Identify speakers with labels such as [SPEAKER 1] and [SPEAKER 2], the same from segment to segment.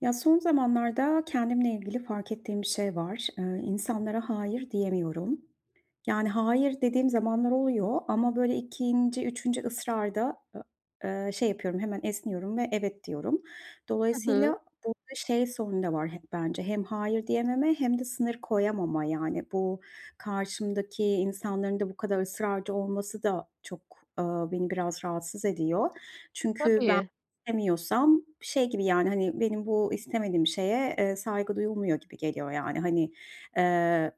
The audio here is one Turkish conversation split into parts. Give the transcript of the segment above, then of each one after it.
[SPEAKER 1] Ya son zamanlarda kendimle ilgili fark ettiğim bir şey var. Eee, insanlara "hayır" diyemiyorum. Yani "hayır" dediğim zamanlar oluyor ama böyle 2. 3. ısrarda, eee, eee, şey yapıyorum, hemen esniyorum ve "evet" diyorum.
[SPEAKER 2] Hı hı.
[SPEAKER 1] Dolayısıyla burada şey sorunu da var hep bence hem "hayır" diyememe hem de sınır koyamama. Yani, bu karşımdaki insanların da bu kadar ısrarcı olması da çok, ııı, beni biraz rahatsız ediyor. Çünkü ben
[SPEAKER 2] Tabii.
[SPEAKER 1] istemiyorsam şey gibi, yani, hani, benim bu istemediğim şeye, eee, saygı duyulmuyor gibi geliyor; yani, hani, eee,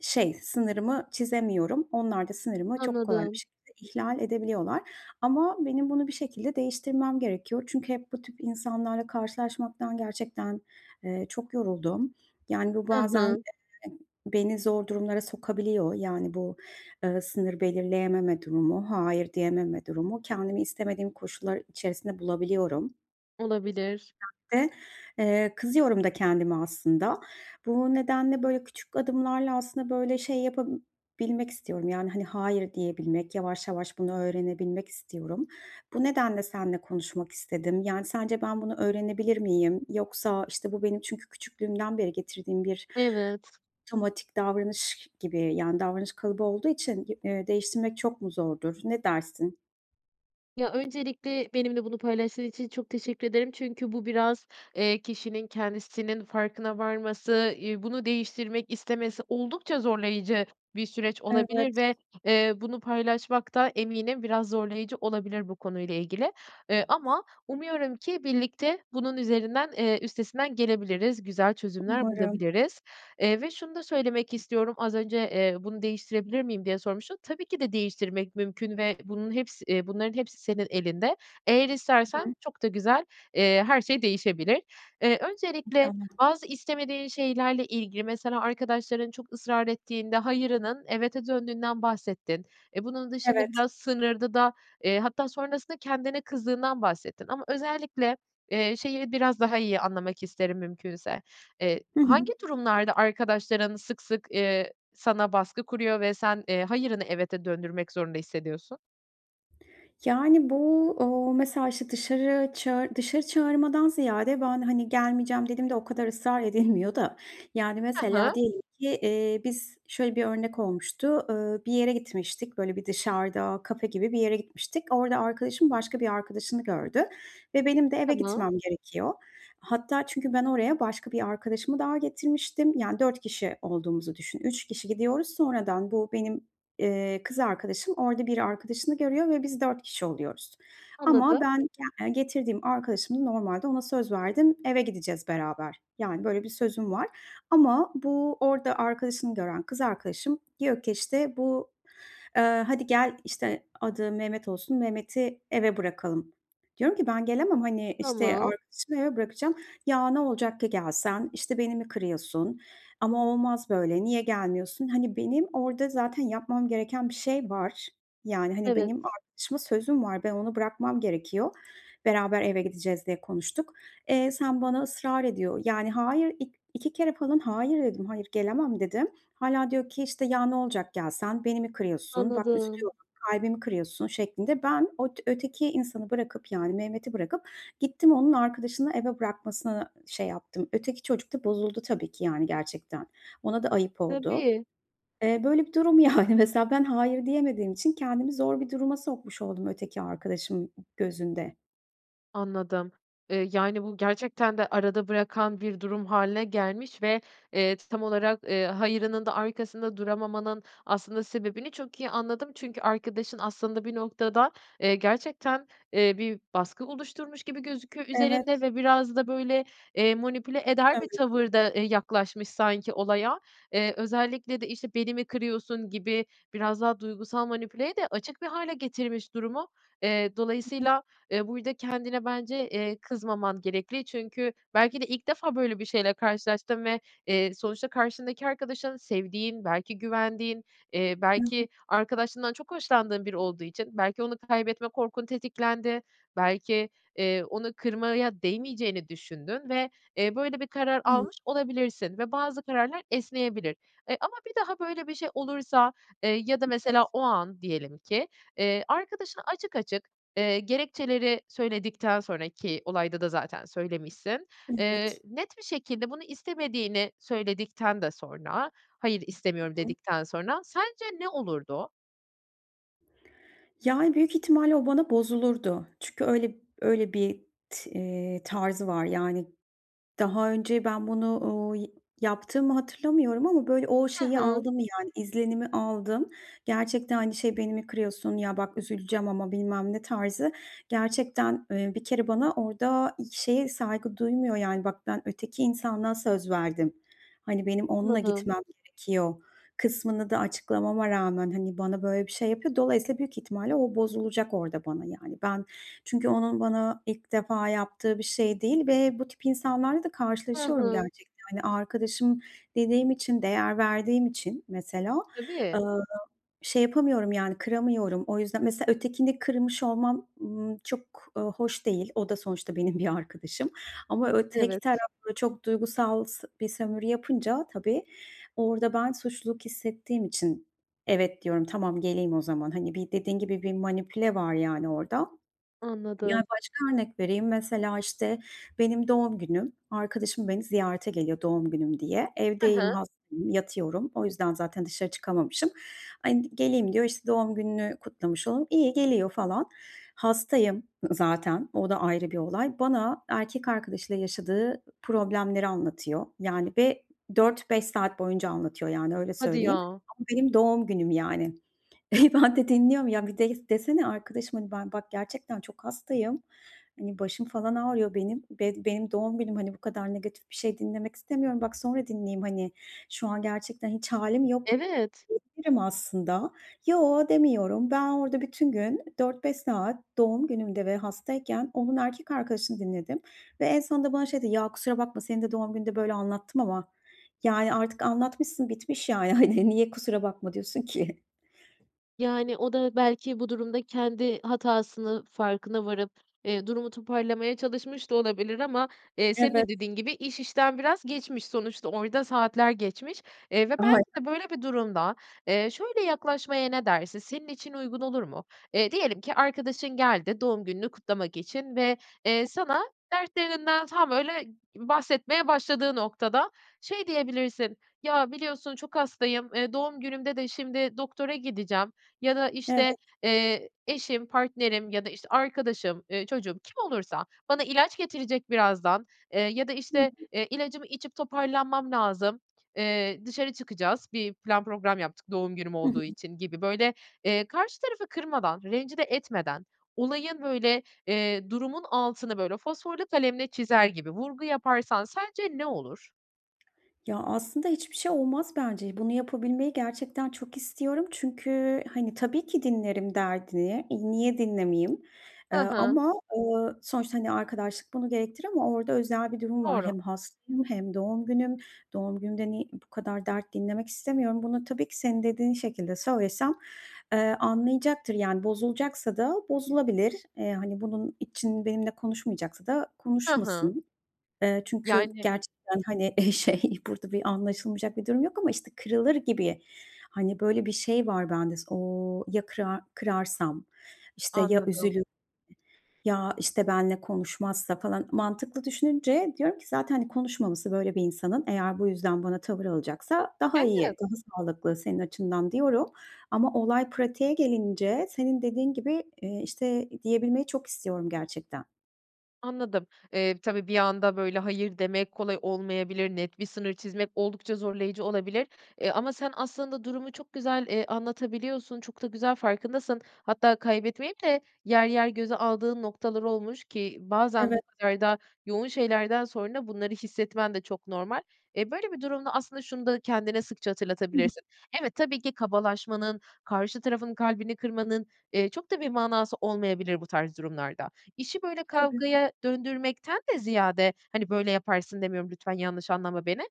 [SPEAKER 1] şey sınırımı çizemiyorum. Onlar da sınırımı çok kolay bir
[SPEAKER 2] Anladım.
[SPEAKER 1] şekilde ihlal edebiliyorlar ama benim bunu bir şekilde değiştirmem gerekiyor çünkü hep bu tip insanlarla karşılaşmaktan gerçekten, eee, çok yoruldum. Yani, bu
[SPEAKER 2] Hı
[SPEAKER 1] bazen
[SPEAKER 2] hı.
[SPEAKER 1] [unintelligible] beni zor durumlara sokabiliyor; yani, bu, eee, sınır belirleyememe durumu, "hayır" diyememe durumu. Kendimi istemediğim koşullar içerisinde bulabiliyorum.
[SPEAKER 2] Olabilir.
[SPEAKER 1] [unintelligible] Eee, kızıyorum da kendime aslında. Bu nedenle böyle küçük adımlarla aslında böyle şey yapabilmek istiyorum; yani, hani, "hayır" diyebilmek, yavaş yavaş bunu öğrenebilmek istiyorum. Bu nedenle seninle konuşmak istedim, yani, sence ben bunu öğrenebilir miyim yoksa, işte, bu benim çünkü küçüklüğümden beri getirdiğim bir
[SPEAKER 2] Evet.
[SPEAKER 1] otomatik davranış gibi, yani, davranış kalıbı olduğu için, eee, değiştirmek çok mu zordur? Ne dersin?
[SPEAKER 2] Ya, öncelikle benimle bunu paylaştığın için çok teşekkür ederim. Çünkü bu biraz, eee, kişinin kendisinin farkına varması, iii, bunu değiştirmek istemesi oldukça zorlayıcı bir süreç olabilir
[SPEAKER 1] Evet.
[SPEAKER 2] ve, eee, bunu paylaşmak da eminim biraz zorlayıcı olabilir bu konuyla ilgili, ııı, ama umuyorum ki birlikte bunun üzerinden eee, üstesinden gelebiliriz, güzel çözümler
[SPEAKER 1] Umarım.
[SPEAKER 2] bulabiliriz. Eee, ve şunu da söylemek istiyorum, az önce, eee, bunu değiştirebilir miyim diye sormuştun. Tabii ki de değiştirmek mümkün ve bunun hepsi eee, bunların hepsi senin elinde. Eğer
[SPEAKER 1] I
[SPEAKER 2] istersen
[SPEAKER 1] hı.
[SPEAKER 2] çok da güzel, eee, her şey değişebilir. Eee, öncelikle
[SPEAKER 1] İnşallah.
[SPEAKER 2] bazı istemediğin şeylerle ilgili, mesela, arkadaşların çok ısrar ettiğinde "hayır"ının "evet"e döndüğünden bahsettin. E, bunun dışında
[SPEAKER 1] Evet.
[SPEAKER 2] biraz sınırdı da, eee, hatta sonrasında kendine kızdığından bahsettin ama özellikle, eee, şeyi biraz daha iyi anlamak isterim, mümkünse. Eee,
[SPEAKER 1] Hı hı.
[SPEAKER 2] hangi durumlarda arkadaşların sık sık, eee, sana baskı kuruyor ve sen, eee, "hayır"ını "evet"e döndürmek zorunda hissediyorsun?
[SPEAKER 1] Yani, bu, ooo, mesela, işte, dışarı çağı dışarı çağırmadan ziyade ben, hani, gelmeyeceğim dediğimde o kadar ısrar edilmiyor da, yani,
[SPEAKER 2] Hı
[SPEAKER 1] mesela
[SPEAKER 2] hı.
[SPEAKER 1] diyelim ki, eee, biz şöyle bir örnek olmuştu. Iıı, bir yere gitmiştik, böyle, bir dışarıda kafe gibi bir yere gitmiştik. Orada arkadaşım başka bir arkadaşını gördü ve benim de eve
[SPEAKER 2] Tamam.
[SPEAKER 1] gitmem gerekiyor. Hatta çünkü ben oraya başka bir arkadaşımı daha getirmiştim, yani, 4 kişi olduğumuzu düşün. 3 kişi gidiyoruz. Sonradan bu benim, eee, kız arkadaşım orada bir arkadaşını görüyor ve biz 4 kişi oluyoruz ama
[SPEAKER 2] Anladım.
[SPEAKER 1] ben, yani, getirdiğim arkadaşımı normalde ona söz verdim, eve gideceğiz beraber, yani, böyle bir sözüm var ama bu orada arkadaşını gören kız arkadaşım diyor ki işte bu, ııı, "Hadi gel" işte, adı Mehmet olsun, "Mehmet'i eve bırakalım." Diyorum ki, "Ben gelemem, hani, işte,
[SPEAKER 2] Tamam.
[SPEAKER 1] arkadaşımı eve bırakacağım." "Ya, ne olacak ki gelsen, işte, beni mi kırıyorsun ama olmaz böyle, niye gelmiyorsun?" Hani, benim orada zaten yapmam gereken bir şey var, yani, hani,
[SPEAKER 2] Evet.
[SPEAKER 1] benim arkadaşıma sözüm var, ben onu bırakmam gerekiyor, beraber eve gideceğiz diye konuştuk. Eee, sen bana ısrar ediyor, yani, hayır, ik iki kere falan "hayır" dedim, "hayır gelemem," dedim. Hâlâ diyor ki, işte, ya, olacak gelsen, beni mi kırıyorsun, bak üstü
[SPEAKER 2] Anladım.
[SPEAKER 1] yok, kalbimi kırıyorsun şeklinde. Ben ot öteki insanı bırakıp, yani, Mehmet'i bırakıp gittim onun arkadaşını eve bırakmasına şey yaptım. Öteki çocuk da bozuldu tabii ki, yani, gerçekten. Ona da ayıp oldu.
[SPEAKER 2] Tabii.
[SPEAKER 1] Eee, böyle bir durum, yani, mesela. Ben "hayır" diyemediğim için kendimi zor bir duruma sokmuş oldum öteki arkadaşım gözünde.
[SPEAKER 2] Anladım. Eee, yani bu gerçekten de arada bırakan bir durum hâline gelmiş ve, eee, tam olarak, eee, hayırının da arkasında duramamanın aslında sebebini çok iyi anladım. Çünkü arkadaşın aslında bir noktada, eee, gerçekten, eee, bir baskı oluşturmuş gibi gözüküyor üzerinde
[SPEAKER 1] Evet.
[SPEAKER 2] ve biraz da böyle, eee, manipüle
[SPEAKER 1] Doğru
[SPEAKER 2] eder bir
[SPEAKER 1] söylüyorsun.
[SPEAKER 2] tavırda, eee, yaklaşmış sanki olaya. Eee, özellikle de, işte, "Beni mi kırıyorsun?" gibi biraz daha duygusal manipüleye de açık bir hâle getirmiş durumu. Eee,
[SPEAKER 1] Hı hı.
[SPEAKER 2] dolayısıyla, eee, burada kendine bence, eee, kızmaman gerekli. Çünkü belki de ilk defa böyle bir şeyle karşılaştın ve, eee, sonuçta karşındaki arkadaşın sevdiğin, belki güvendiğin, eee, belki
[SPEAKER 1] Evet.
[SPEAKER 2] arkadaşlığından çok hoşlandığın biri olduğu için belki onu kaybetme korkun tetiklendi, belki, eee, onu kırmaya değmeyeceğini düşündün ve, eee, böyle bir karar
[SPEAKER 1] Evet.
[SPEAKER 2] almış olabilirsin ve bazı kararlar esneyebilir. Eee, ama bir daha böyle bir şey olursa, eee, ya da mesela
[SPEAKER 1] Evet.
[SPEAKER 2] o an diyelim ki, eee, arkadaşına açık açık, eee, gerekçeleri söyledikten sonra, ki olayda da zaten söylemişsin, eee,
[SPEAKER 1] Evet.
[SPEAKER 2] net bir şekilde bunu istemediğini söyledikten de sonra, "Hayır, istemiyorum."
[SPEAKER 1] Hı hı.
[SPEAKER 2] dedikten sonra sence ne olurdu?
[SPEAKER 1] Yani, büyük ihtimalle o bana bozulurdu çünkü öyle öyle bir t eee, tarzı var. Yani daha önce ben bunu, uuu, yaptığımı hatırlamıyorum ama, böyle, o
[SPEAKER 2] Hı
[SPEAKER 1] şeyi
[SPEAKER 2] hı.
[SPEAKER 1] aldım, yani, izlenimi aldım. Gerçekten, hani, şey: "Beni mi kırıyorsun? Ya, bak üzüleceğim ama." bilmem ne tarzı gerçekten, eee, bir kere bana orada hiç şeye saygı duymuyor, yani, bak, ben öteki insana söz verdim, hani, benim onunla
[SPEAKER 2] Anladım.
[SPEAKER 1] gitmem gerekiyor kısmını da açıklamama rağmen, hani, bana böyle bir şey yapıyor. Dolayısıyla büyük ihtimalle o bozulacak orada bana, yani, ben çünkü onun bana ilk defa yaptığı bir şey değil ve bu tip insanlarla da
[SPEAKER 2] Hı
[SPEAKER 1] karşılaşıyorum
[SPEAKER 2] hı.
[SPEAKER 1] gerçekte. Hani, arkadaşım dediğim için, değer verdiğim için mesela, eee,
[SPEAKER 2] Tabii.
[SPEAKER 1] şey yapamıyorum, yani, kıramıyorum. O yüzden mesela ötekini kırmış olmam, ııı, çok, ııı, hoş değil. O da sonuçta benim bir arkadaşım ama ö tek
[SPEAKER 2] Evet.
[SPEAKER 1] taraflı çok duygusal s bir sömürü yapınca tabii, orada ben suçluluk hissettiğim için: "Evet.", diyorum, "Tamam, geleyim o zaman." hani, bir dediğin gibi, bir manipüle var yani orada. Ya,
[SPEAKER 2] Anladım.
[SPEAKER 1] başka örnek vereyim. Mesela, işte, benim doğum günüm, arkadaşım beni ziyarete geliyor doğum günüm diye.
[SPEAKER 2] Hı hı.
[SPEAKER 1] Evdeyim, hastayım, yatıyorum. O yüzden zaten dışarı çıkamamışım. Hani, "Geleyim.", diyor, işte, "Doğum gününü kutlamış olurum." İyi, geliyor falan. Hastayım ı zaten, o da ayrı bir olay. Bana erkek arkadaşıyla yaşadığı problemleri anlatıyor, yani, ve 4-5 saat boyunca anlatıyor, yani, öyle
[SPEAKER 2] Hadi
[SPEAKER 1] söyleyeyim.
[SPEAKER 2] ya.
[SPEAKER 1] Bu benim doğum günüm, yani. E, ben de dinliyorum. Ya, bir delif desene "Arkadaşım, hani, ben bak, gerçekten çok hastayım, hani, başım falan ağrıyor benim, bed benim doğum günüm, hani, bu kadar negatif bir şey dinlemek istemiyorum. Bak, sonra dinleyeyim, hani, şu an gerçekten hiç hâlim yok."
[SPEAKER 2] Evet.
[SPEAKER 1] diyebilirim aslında. Yo, demiyorum. Ben orada bütün gün 4-5 saat doğum günümde ve hastayken onun erkek arkadaşını dinledim ve en sonunda bana şey dedi, "Ya, kusura bakma. Senin de doğum gününde böyle anlattım ama." Yani, artık anlatmışsın bitmiş, yani, hani, niye kusura bakma diyorsun ki?
[SPEAKER 2] Yani o da belki bu durumda kendi hatasını farkına varıp, eee, durumu toparlamaya çalışmış da olabilir ama, eee, senin de
[SPEAKER 1] Evet.
[SPEAKER 2] dediğin gibi iş işten biraz geçmiş. Sonuçta orada saatler geçmiş, eee, ve belki
[SPEAKER 1] [unintelligible]
[SPEAKER 2] de böyle bir durumda, eee, şöyle yaklaşmaya ne dersin, senin için uygun olur mu? Eee, diyelim ki arkadaşın geldi doğum gününü kutlamak için ve, eee, sana dertlerinden tam, böyle, b bahsetmeye başladığı noktada şey diyebilirsin, "Ya biliyorsun çok hastayım, eee, doğum günümde de şimdi doktora gideceğim." ya da,
[SPEAKER 1] Evet.
[SPEAKER 2] işte, eee, "Eşim, partnerim ya da, işte, arkadaşım, eee, çocuğum," kim olursa "bana ilaç getirecek birazdan, eee, ya da,
[SPEAKER 1] Hı
[SPEAKER 2] işte,
[SPEAKER 1] hı.
[SPEAKER 2] eee, ilacımı içip toparlanmam lazım, eee, dışarı çıkacağız, bir plan program yaptık doğum günüm
[SPEAKER 1] Hı
[SPEAKER 2] olduğu
[SPEAKER 1] hı.
[SPEAKER 2] için." gibi böyle, eee, karşı tarafı kırmadan, rencide etmeden, olayın, böyle, eee, durumun altını böyle fosforlu kalemle çizer gibi vurgu yaparsan sence ne olur?
[SPEAKER 1] Ya, aslında hiçbir şey olmaz bence. Bunu yapabilmeyi gerçekten çok istiyorum çünkü hani, tabii ki dinlerim derdini. E, niye dinlemeyeyim,
[SPEAKER 2] Hı
[SPEAKER 1] eee,
[SPEAKER 2] hı.
[SPEAKER 1] ama, ııı, sonuçta, hani, arkadaşlık bunu gerektirir ama orada özel bir durum var.
[SPEAKER 2] Doğru.
[SPEAKER 1] Hem hastayım hem doğum günüm. Doğum günümde niy bu kadar dert dinlemek istemiyorum. Bunu tabii ki senin dediğin şekilde söylesem, ııı, anlayacaktır. Yani bozulacaksa da bozulabilir. Eee, hani, bunun için benimle konuşmayacaksa da
[SPEAKER 2] Hı hı.
[SPEAKER 1] konuşmasın. Eee, çünkü
[SPEAKER 2] Yani
[SPEAKER 1] gerçekten, hani, eee, şey, burada bir anlaşılmayacak bir durum yok ama, işte, kırılır gibi, hani, böyle bir şey var bende s, ooo, "Ya kırar kırarsam, işte, ya
[SPEAKER 2] Anladım.
[SPEAKER 1] üzülürse ya, işte, benle konuşmazsa?" falan. Mantıklı düşününce diyorum ki, "Zaten, hani, konuşmaması böyle bir insanın eğer bu yüzden bana tavır alacaksa daha iyi,
[SPEAKER 2] Evet.
[SPEAKER 1] daha sağlıklı senin açından." diyorum. Ama olay pratiğe gelince senin dediğin gibi, eee, işte diyebilmeyi çok istiyorum gerçekten.
[SPEAKER 2] Anladım. Eee, tabii, bir anda, böyle, hayır demek kolay olmayabilir, net bir sınır çizmek oldukça zorlayıcı olabilir. Eee, ama sen aslında durumu çok güzel, eee, anlatabiliyorsun, çok da güzel farkındasın. Hatta kaybetmeyip de yer yer göze aldığın noktalar olmuş ki bazen
[SPEAKER 1] Evet.
[SPEAKER 2] bu kadar da yoğun şeylerden sonra bunları hissetmen de çok normal. E, böyle bir durumda aslında şunu da kendine sıkça
[SPEAKER 1] Hı hı.
[SPEAKER 2] hatırlatabilirsin. Evet, tabii ki kabalaşmanın, karşı tarafın kalbini kırmanın, eee, çok da bir manası olmayabilir bu tarz durumlarda. İşi böyle,
[SPEAKER 1] Tabii.
[SPEAKER 2] kavgaya döndürmekten de ziyade, hani, böyle, yaparsın demiyorum, lütfen yanlış anlama beni.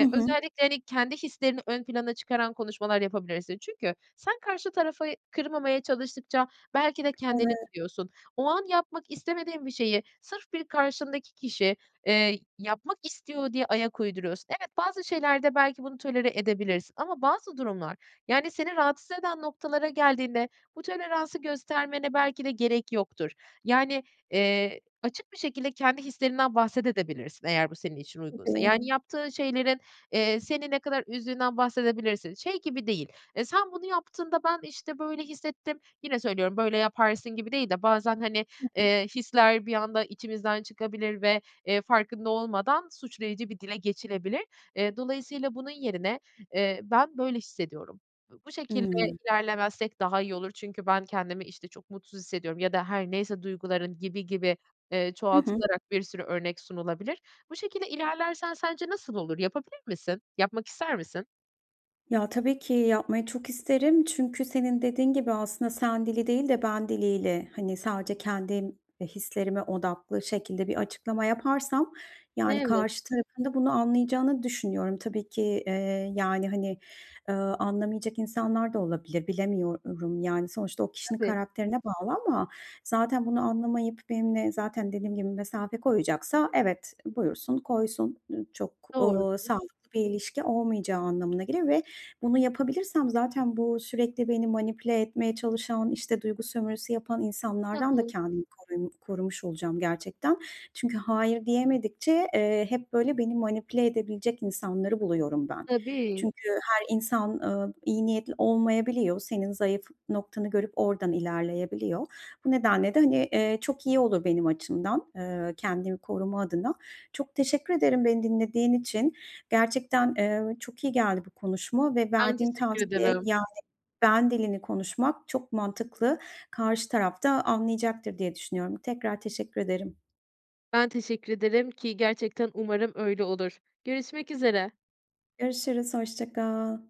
[SPEAKER 1] Hı hı.
[SPEAKER 2] özellikle, hani, kendi hislerini ön plana çıkaran konuşmalar yapabilirsin. Çünkü sen karşı tarafı kırmamaya çalıştıkça belki de kendini
[SPEAKER 1] Evet.
[SPEAKER 2] kırıyorsun. O an yapmak istemediğin bir şeyi, sırf bir karşındaki kişi, eee, yapmak istiyor diye ayak uyduruyorsun. Evet, bazı şeylerde belki bunu tolere edebilirsin ama bazı durumlar, yani, seni rahatsız eden noktalara geldiğinde bu toleransı göstermene belki de gerek yoktur. Yani, eee, açık bir şekilde kendi hislerinden bahsedebilirsin de eğer bu senin için uygunsa.
[SPEAKER 1] Tabii.
[SPEAKER 2] Yani, yaptığın şeylerin, eee, seni ne kadar üzdüğünden bahsedebilirsin. Şey gibi değil. Eee, sen bunu yaptığında ben, işte, böyle hissettim. Yine söylüyorum; böyle yaparsın gibi değil de bazen, hani,
[SPEAKER 1] Hı.
[SPEAKER 2] eee, hisler bir anda içimizden çıkabilir ve, eee, farkında olmadan suçlayıcı bir dile geçilebilir. Eee, dolayısıyla bunun yerine, eee, ben böyle hissediyorum. B bu şekilde
[SPEAKER 1] I.
[SPEAKER 2] ilerlemezsek daha iyi olur çünkü ben kendimi işte çok mutsuz hissediyorum ya da her neyse duyguların gibi gibi, eee,
[SPEAKER 1] Hı hı.
[SPEAKER 2] çoğaltılarak bir sürü örnek sunulabilir. Bu şekilde ilerlersen sence nasıl olur? Yapabilir misin? Yapmak ister misin?
[SPEAKER 1] Ya, tabii ki yapmayı çok isterim. Çünkü senin dediğin gibi aslında sen dili değil de ben diliyle, hani, sadece kendim, eee, hislerime odaklı şekilde bir açıklama yaparsam, yani,
[SPEAKER 2] Evet.
[SPEAKER 1] karşı tarafın da bunu anlayacağını düşünüyorum. Tabii ki, eee, yani, hani, eee, anlamayacak insanlar da olabilir, bilemiyorum. Yani, sonuçta o kişinin
[SPEAKER 2] Tabii.
[SPEAKER 1] karakterine bağlı ama zaten bunu anlamayıp benimle zaten dediğim gibi mesafe koyacaksa evet, buyursun koysun. Dü çok,
[SPEAKER 2] Doğru.
[SPEAKER 1] uuu, sağlıklı bir ilişki olmayacağı anlamına gelir ve bunu yapabilirsem zaten bu sürekli beni manipüle etmeye çalışan, işte, duygu sömürüsü yapan
[SPEAKER 2] Hı
[SPEAKER 1] insanlardan da
[SPEAKER 2] hı.
[SPEAKER 1] kendimi korum korumuş olacağım gerçekten. Çünkü hayır diyemedikçe, eee, hep böyle, beni manipüle edebilecek insanları buluyorum ben.
[SPEAKER 2] Tabii.
[SPEAKER 1] Çünkü her insan, ııı, iyi niyetli olmayabiliyor. Senin zayıf noktanı görüp ordan ilerleyebiliyor. Bu nedenle de, hani, eee, çok iyi olur benim açımdan, eee, kendimi koruma adına. Çok teşekkür ederim beni dinlediğin için. Gerçekten, eee, çok iyi geldi bu konuşma ve
[SPEAKER 2] Ben
[SPEAKER 1] verdiğin
[SPEAKER 2] teşekkür
[SPEAKER 1] tavsiye
[SPEAKER 2] ederim.
[SPEAKER 1] yani, ben dilini konuşmak çok mantıklı. Karşı taraf da anlayacaktır diye düşünüyorum. Tekrar teşekkür ederim.
[SPEAKER 2] Ben teşekkür ederim ki gerçekten umarım öyle olur. Görüşmek üzere.
[SPEAKER 1] Görüşürüz, hoşça kal.